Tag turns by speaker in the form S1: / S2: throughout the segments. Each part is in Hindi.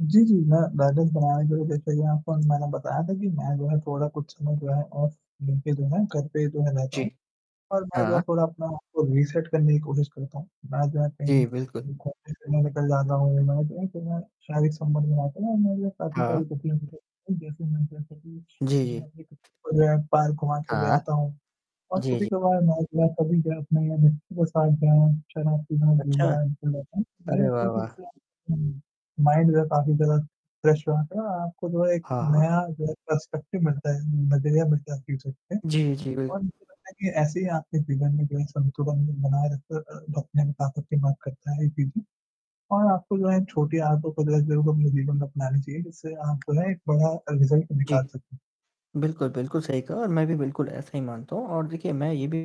S1: जी, जी। मैं बैलेंस बनाने के लिए तो देखिए आपको मैंने बताया था कि मैं जो है थोड़ा कुछ समय जो है ऑफ़ लेके जो है घर पे जो है रहता
S2: जी।
S1: हूँ। और मैं जो है
S2: हाँ।
S1: थोड़ा अपने आप को रीसेट करने की कोशिश करता हूँ। मैं जो है कहीं
S2: जी, बिल्कुल।
S1: घूमने के लिए निकल जाता हूँ, मैं जो हूँ ना फिर मैं शारीरि संबंध बनाता हूँ
S2: हाँ। जी, जी।
S1: [unintelligible] और जो है पार्क वहाँ चले
S2: हाँ।
S1: जाता हूँ। और
S2: जी, जी।
S1: कभी-कभार
S2: अच्छा! अरे वाह! वाह!
S1: मैं [unintelligible] माइंड जो है काफ़ी ज्यादा फ्रेश हो जाता है। और आपको जो है एक
S2: हाँ, हाँ।
S1: नया जो है पर्सपेक्टिव मिलता है, नजरिया मिलता है
S2: जी, जी। बिल
S1: [unintelligible] ऐसे ही आपके जीवन में भी एक संतुलन बना [unintelligible] और आपको जो है छोटी आदत [unintelligible] अपनानी चाहिए, जिससे आप जो है एक बड़ा अ, रिज़ल्ट
S2: जी।
S1: निकाल सकते हैं।
S2: बिल्कुल, बिल्कुल सही कहा और मैं भी बिल्कुल ऐसा ही मानता हूँ और देखिए मैं ये भी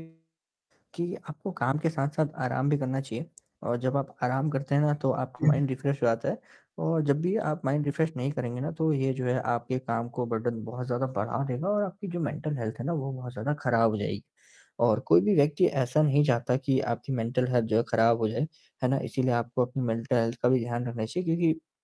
S2: कि आपको काम के साथ-साथ आराम भी करना चाहिए और जब आप आराम करते हैं ना तो आपका
S1: जी, जी।
S2: माइंड
S1: बिल्कुल।
S2: रिफ़्रेश हो जाता है और जब भी आप माइंड रिफ़्रेश नहीं करेंगे ना तो ये जो है आपके काम को बर्डन बहुत ज़्यादा बढ़ा देगा। और आपकी जो मेंटल हेल्थ है ना वो बहुत ज़्यादा खराब हो जाएगी और कोई भी व्यक्ति ऐसा नहीं चाहता कि आपकी मेंटल हेल्थ जो है खराब हो जाए, है ना? इसीलिए आपको अपनी मेंटल हेल्थ का भी ध्यान रखना चाहिए क्योंकि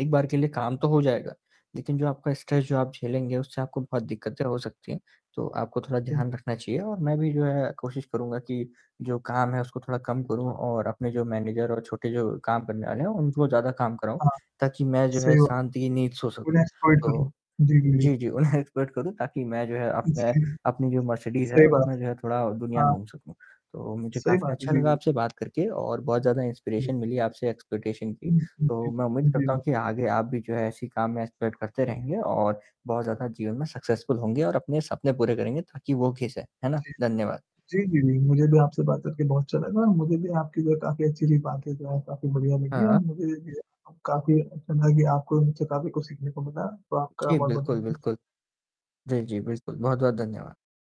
S2: एक बार के लिए काम तो हो जाएगा। लेकिन जो आपका
S1: जी।
S2: स्ट्रेस जो आप झेलेंगे उससे आपको बहुत दिक्कतें हो सकती हैं। तो आपको थोड़ा
S1: हुँ।
S2: ध्यान रखना चाहिए और मैं भी जो है कोशिश करूँगा कि जो काम है उसको थोड़ा कम करूँ और अपने जो मैनेजर और छोटे जो काम करने वाले हैं उनको ज़्यादा काम कराऊँ
S1: हाँ।
S2: ताकि मैं जो है
S1: सही बात
S2: शांति की नींद सो
S1: है।
S2: सकूँ।
S1: [unintelligible] कर लो।
S2: तो
S1: जी, जी, जी।
S2: जी, जी, उन्हें एक्सपर्ट करूँ ताकि मैं जो है अपना
S1: जी।
S2: अपनी जो मर्सिडीज़ है
S1: सही बात
S2: उसमें जो है थोड़ा
S1: है।
S2: दुनिया
S1: हाँ।
S2: घूम सकूँ। तो मुझे
S1: सही
S2: काफ़ी
S1: बात है।
S2: अच्छा
S1: जी,
S2: लगा
S1: जी।
S2: आपसे बात करके और बहुत ज़्यादा
S1: जी।
S2: इंस्पिरेशन मिली आपसे एक्सपीडिशन की।
S1: हुँ, हुँ
S2: तो
S1: जी।
S2: मैं उम्मीद करता
S1: बिल
S2: हूँ कि आगे आप भी जो है ऐसे ही काम में एक्सपेक्ट करते रहेंगे और बहुत ज़्यादा जीवन में सक्सेसफुल होंगे और अपने सपने पूरे करेंगे ताकि वो [unintelligible] है ना?
S1: जी।
S2: धन्यवाद।
S1: जी, जी, जी। मुझे भी आपसे बात करके बहुत अच्छा लगा और मुझे भी आपकी जो है काफ़ी अच्छी-अच्छी बातें जो हैं, काफ़ी बढ़िया लगी और
S2: हाँ।
S1: मुझे ये भी काफ़ी अच्छा लगा कि आपको उनसे काफ़ी कुछ सीखने को मिला। तो आपका
S2: जी
S1: बहुत-बहुत
S2: बिल्कुल,
S1: धन्यवाद।
S2: बिल्कुल। जी, जी। बिल्कुल, बहुत-बहुत धन्यवाद।